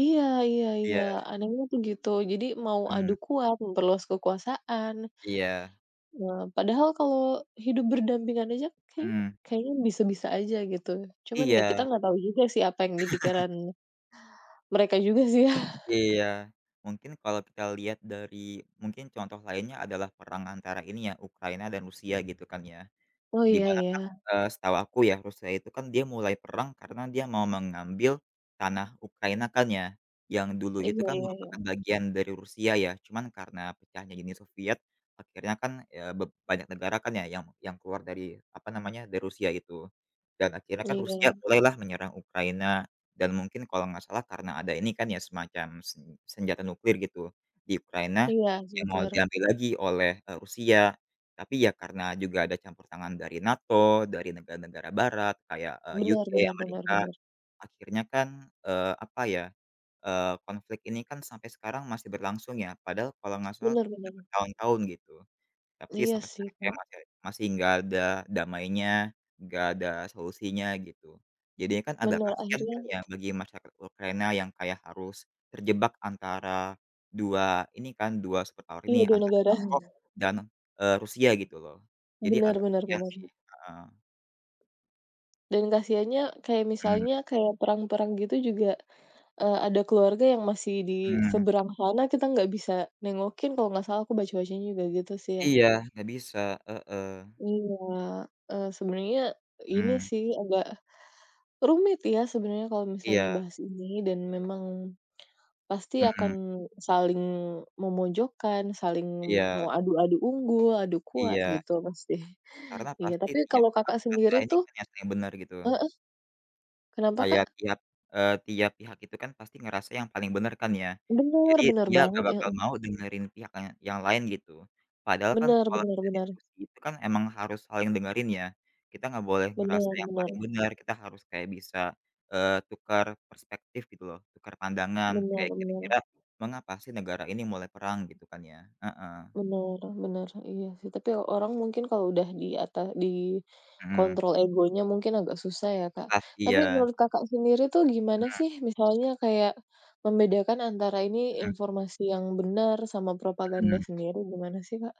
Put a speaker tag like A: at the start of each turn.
A: Iya iya iya.
B: Iya.
A: Anehnya tuh gitu. Jadi mau adu
B: Mhm.
A: kuat, memperluas kekuasaan.
B: Iya.
A: Eee, padahal kalau hidup berdampingan aja, kayaknya
B: Mmm.
A: kayaknya bisa-bisa saja gitu. Cuman ya kita
B: Iya.
A: enggak tahu juga sih apa yang di pikiran mereka juga sih ya?
B: Iya. Mungkin kalau kita lihat dari mungkin contoh lainnya adalah perang antara ini ya, antara Ukraina dan Rusia gitu kan ya.
A: Oh
B: Di
A: iya
B: mana Kak,
A: iya.
B: eee, setahu aku ya Rusia itu kan dia mulai perang karena dia mau mengambil tanah Ukraina kan ya, yang dulu itu
A: Iya
B: kan
A: iya,
B: merupakan
A: ya.
B: bagian dari Rusia ya, cuman karena pecahnya Uni Soviet akhirnya kan ya beb banyak negara kan ya yang yang keluar dari, apa namanya, dari Rusia itu. Dan akhirnya kan Rusia
A: Iya.
B: mulailah menyerang Ukraina dan mungkin kalau enggak salah karena ada ini kan ya, semacam sen senjata nuklir gitu di Ukraina
A: Iya,
B: yang
A: sempat
B: mau
A: denger.
B: diambil lagi oleh, eee, Rusia. Tapi ya karena juga ada campur tangan dari NATO, dari negara-negara barat kayak, eee,
A: Bener
B: UK,
A: bener bener
B: Amerika,
A: bener.
B: akhirnya kan, eee, apa ya, eee, konflik ini kan sampai sekarang masih berlangsung ya, padahal kalau nggak salah,
A: Bener
B: udah
A: bener.
B: bertahun-tahun gitu. Tapi
A: Iya
B: sampai
A: sih,
B: sekarang kayak
A: Kak.
B: masih masih enggak ada damainya, enggak ada solusinya, gitu. Jadinya kan agak
A: Bener,
B: kasihan
A: akhirnya
B: kan ya bagi masyarakat Ukraina yang kayak harus terjebak antara 2 ini kan, 2 superpower ini,
A: Iya, 2
B: antara
A: negara,
B: NATO
A: he.
B: dan, eee, Rusia gitu loh, jadi
A: Bener
B: agak
A: bener
B: kasihan sih.
A: bener.
B: Heeh.
A: Dan kasihaannya, kayak
B: Hmm.
A: misalnya kayak perang-perang gitu juga, eee, ada keluarga yang masih di
B: Hmm.
A: seberang sana, kita nggak bisa nengokin kalau nggak salah, aku baca-bacanya juga gitu sih ya.
B: Iya, nggak bisa. Heeh.
A: Iya, eee, sebenernya ini
B: Hmm.
A: sih agak rumit ya sebenarnya kalau misalnya
B: Iya.
A: bahas ini dan memang pasti
B: Mhm.
A: akan saling memojokkan, saling mau
B: Iya.
A: adu-adu unggul, adu kuat,
B: Iya.
A: gitu pasti.
B: Karena
A: Iya,
B: pasti
A: tapi
B: tiap
A: kalau
B: pihak
A: Kakak
B: merasa
A: sendiri
B: ini
A: tuh
B: kan ya, yang bener gitu.
A: heeh? Kenapa
B: Kayak
A: Kak?
B: tiap, eee, tiap pihak itu kan pasti ngerasa yang paling bener kan ya,
A: Bener
B: jadi
A: bener
B: dia nggak
A: banget.
B: bakal
A: Heeh.
B: mau dengerin pihak ka yang lain gitu. Padahal kan
A: Bener
B: kalau
A: bener
B: kita
A: bener.
B: diskusi itu kan emang harus saling dengerin ya, kita nggak boleh ngerasa
A: Bener
B: yang paling
A: bener.
B: bener, kita harus kayak bisa, eee, tukar perspektif gitu loh, tukar pandangan,
A: Bener
B: kayak
A: bener.
B: kira-kira mengapa sih negara ini mulai perang gitu kan ya? Heeh.
A: Bener bener, iya sih tapi orang mungkin kalau udah di ata di
B: Mhm.
A: kontrol egonya mungkin agak susah ya, Kak.
B: Susah,
A: Tapi
B: iya.
A: menurut Kakak sendiri tuh gimana
B: Benar.
A: sih misalnya kayak membedakan antara ini
B: Mhm.
A: informasi yang bener sama propaganda
B: Mhm.
A: sendiri, gimana sih, Kak?